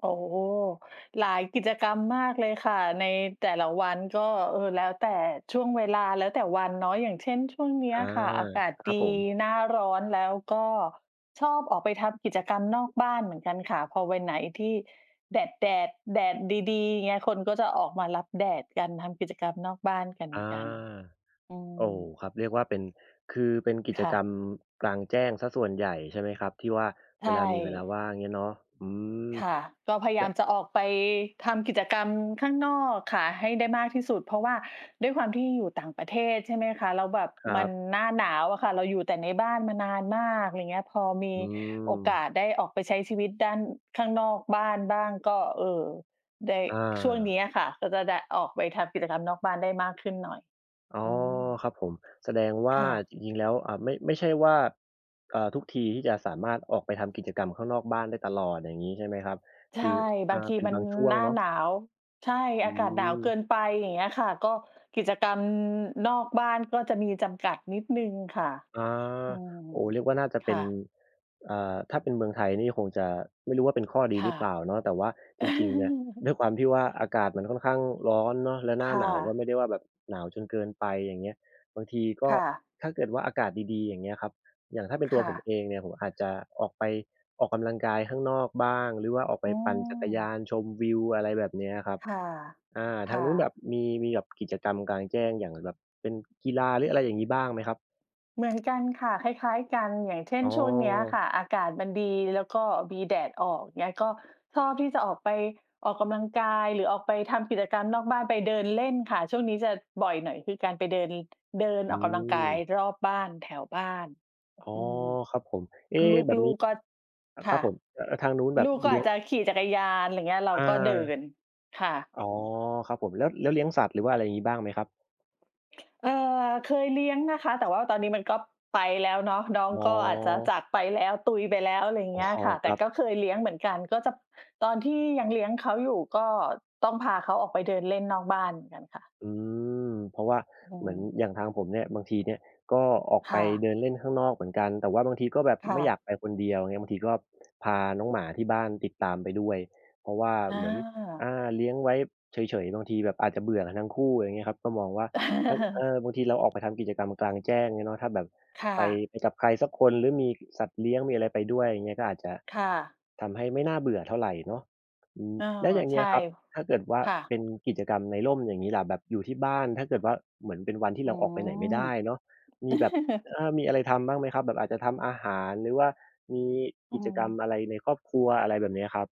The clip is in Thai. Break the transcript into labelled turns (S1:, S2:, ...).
S1: โอ้โฮ หลายกิจกรรมมากเลยค่ะ ในแต่ละวันก็ เอ่อ แล้วแต่ช่วงเวลา แล้วแต่วันเนาะ อย่างเช่น ช่วงเนี้
S2: อ
S1: ย
S2: า
S1: อะค่ะอากาศ
S2: คร
S1: ด
S2: ั
S1: ี
S2: บผม
S1: หน้าร้อน แล้วก็ชอบออกไปทำกิจกรรมนอกบ้านเหมือนกันค่ะ พอวันไหนที่แดด แดด แดดดี ๆ เงี้ย คนก็จะออกมารับแดดกัน ทำกิจกรรมนอกบ้านก
S2: อา
S1: ัน ๆ อื
S2: โอ้
S1: ม
S2: ครับ เรียกว่าเป็น คือเป็นกิ
S1: ค
S2: จ
S1: ่
S2: ก
S1: ะ
S2: รรมกลางแจ้งเสียส่วนใหญ่ ใช่ไหมครับ ที่ว่า
S1: ใช
S2: เวลา มีเวลา
S1: ่
S2: ว่าง เงี้ยเนาะ อืม
S1: ค่ะ ก็พยาย
S2: แล้
S1: า
S2: ว
S1: มจะออกไปทำกิจกรรมข้างนอกค่ะให้ได้มากที่สุด เพราะว่าด้วยความที่อยู่ต่างประเทศ ใช่ไหมคะ แล้วแบบ
S2: คร
S1: ม
S2: ั
S1: ั
S2: บ
S1: นหน้าหนาวอะค่ะ เราอยู่แต่ในบ้านมานานมาก ไรเงี้ย พอมี
S2: อื
S1: โอกา
S2: ม
S1: สได้ออกไปใช้ชีวิตด้าน ข้างนอกบ้านบ้างก็ เออ ได้
S2: อ
S1: ช่วง
S2: า
S1: เนี้ยค่ะ ก็จะได้ออกไปทำกิจกรรมนอกบ้านได้มากขึ้นหน่อย
S2: อ๋อ
S1: อืม
S2: ครับผม แสดงว่
S1: ค
S2: า
S1: ่ะ
S2: จริง ๆ แล้ว อ่า ไม่ ไม่ใช่ว่า เอ่อ ทุกทีที่จะสามารถออกไปทำกิจกรรมข้างนอกบ้านได้ตลอด อย่างงี้ใช่ไหมครับ
S1: ใช
S2: ค
S1: ่
S2: ือ อ
S1: บ
S2: ่
S1: า
S2: า
S1: งที
S2: เป็น
S1: มั
S2: บ
S1: น
S2: างช่ว
S1: ห
S2: ง
S1: น้า
S2: เนาะ
S1: หนาว ใช่
S2: อื
S1: อากาศหนาวเกิ
S2: ม
S1: นไป อย่างเงี้ยค่ะ ก็กิจกรรม อ นอกบ้านก็จะมีจำกัดนิดหนึ่งค่ะ
S2: อา
S1: อืม
S2: โอ้ เรียกว่าน่าจะ
S1: ค
S2: เป็
S1: ่
S2: น
S1: ะ
S2: อ่า ถ้าเป็นเมืองไทยนี่คงจะไม่รู้ว่าเป็นข้อด
S1: ค
S2: ีห
S1: ่
S2: ร
S1: ะ
S2: ือเปล่าเนาะ แต่ว่าจริง ๆ เนี่ย ด้วยความที่ว่าอากาศมันค่อนข้างร้อนเนาะ แล้วหน
S1: ค
S2: ้า
S1: ่
S2: หนาวก็
S1: ะ
S2: ไม่ได้ว่าแบบหนาวจนเกินไป อย่างเงี้ย บางทีก็
S1: ค่ะ
S2: ถ้าเกิดว่าอากาศดี ๆ อย่างเงี้ยครับ อย่างถ้าเป็นต
S1: ค
S2: ัว
S1: ่
S2: ผม
S1: ะ
S2: เองเนี่ยผมอาจจะออกไปออกกำลังกายข้างนอกบ้าง หรือว่าออกไป
S1: อื
S2: ปั่นจักรย
S1: ม
S2: านชมวิว อะไรแบบเนี้ยครับ
S1: ค่ะ
S2: อ่า
S1: ค
S2: ทา
S1: ่
S2: งนู้นแบ
S1: ะ
S2: บมี มีแบบ กิจกรรมกลางแจ้งอย่าง แบบเป็นกีฬา หรืออะไรอย่างงี้บ้างไหมครับ?
S1: เหมือนกันค่ะ คล้าย ๆ กัน อย่างเช่
S2: อ
S1: น
S2: ้อ
S1: ช่วงเนี้ยค่ะอากาศมันดีแล้วก็มีแดดออก เงี้ย ก็ชอบที่จะออกไปออกกำลังกาย หรือออกไปทำกิจกรรมนอกบ้าน ไปเดินเล่นค่ะ ช่วงนี้จะบ่อยหน่อยคือการไปเดิน เดิน
S2: อื
S1: ออกกำลังกาย
S2: ม
S1: รอบบ้าน แถวบ้าน
S2: อ๋อ
S1: อืม
S2: ครับผม เอ๊ะ แบบ
S1: ล
S2: น
S1: ู
S2: ี้
S1: ก ๆ ก็
S2: อ
S1: ค
S2: คร
S1: ่
S2: ับ
S1: ะ
S2: ผม เอ่อ ทางนู้นแบ
S1: ลู
S2: บ
S1: กก็
S2: เลี
S1: อ
S2: ้
S1: า
S2: ย
S1: จ
S2: ง
S1: จะขี่จักรยาน ไรเงี้ย เรา
S2: อ
S1: ก็เดิ
S2: า
S1: น ค่ะ
S2: อ๋อ ครับผม แล้ว แล้วเลี้ยงสัตว์ หรือว่าอะไรงี้บ้างไหมครับ?
S1: เอ่อ เคยเลี้ยงนะคะ แต่ว่าตอนนี้มันก็ไปแล้วเนาะ น้อง
S2: อ๋
S1: ก็อาจจะ
S2: อ
S1: จากไปแล้ว ตุยไปแล้ว ไร
S2: อ๋
S1: เ
S2: อ
S1: งี้ยค่ะ
S2: ค
S1: แต
S2: ร
S1: ่
S2: ับ
S1: ก็เคยเลี้ยงเหมือนกัน ก็จะ ตอนที่ยังเลี้ยงเขาอยู่ก็ต้องพาเขาออกไปเดินเล่นนอกบ้านเหมือนกันค่ะ
S2: อืม เพราะว่า
S1: อื
S2: เหมือน
S1: ม
S2: อย่างทางผมเนี่ย บางทีเนี่ยก็ออก
S1: ค
S2: ไป
S1: ่
S2: เด
S1: ะ
S2: ินเล่นข้างนอกเหมือนกัน แต่ว่าบางทีก็แบบ
S1: ค่
S2: ไม่อยา
S1: ะ
S2: กไปคนเดียว อย่างเงี้ย บางทีก็ พาน้องหมาที่บ้านติดตามไปด้วย เพราะว่า
S1: อ
S2: เหมือน อ
S1: า
S2: า เลี้ยงไว้เฉย ๆ บางทีแบบอาจจะเบื่อกันทั้งคู่ ไรเงี้ยครับ ก็มองว่าถ้า เออ บางทีเราออกไปทำกิจกรรมกลางแจ้ง งี้เนาะ ถ้าแบบ
S1: ค่
S2: ไป
S1: ะ
S2: ไปกับใครสักคนหรือมี สัตว์เลี้ยง มีอะไรไปด้วย อย่างเงี้ย ก็อาจจะ
S1: ค่ะ
S2: ทำให้ไม่น่าเบื่อเท่าไหร่เนาะ อืม
S1: เออ
S2: แล้วอย่างเง
S1: ใช
S2: ี้
S1: ่
S2: ยครับ ถ้าเกิดว่า
S1: ค่
S2: เ
S1: ะ
S2: ป็นกิจกรรมในร่มอย่างงี้ล่ะ แบบอยู่ที่บ้าน ถ้าเกิดว่า เหมือนเป็นวันที่เ
S1: อ
S2: ร
S1: ื
S2: าออกไปไหนไม่ได้เนาะ ม
S1: ม
S2: ีแบบ เออ มีอะไรทำบ้างไหมครับ แบบอาจจะทำอาหาร หรือว่ามี
S1: อ
S2: ก
S1: ื
S2: ิจกรรม
S1: ม
S2: อะไรในครอบครัว อะไรแบบเนี้ยครับ?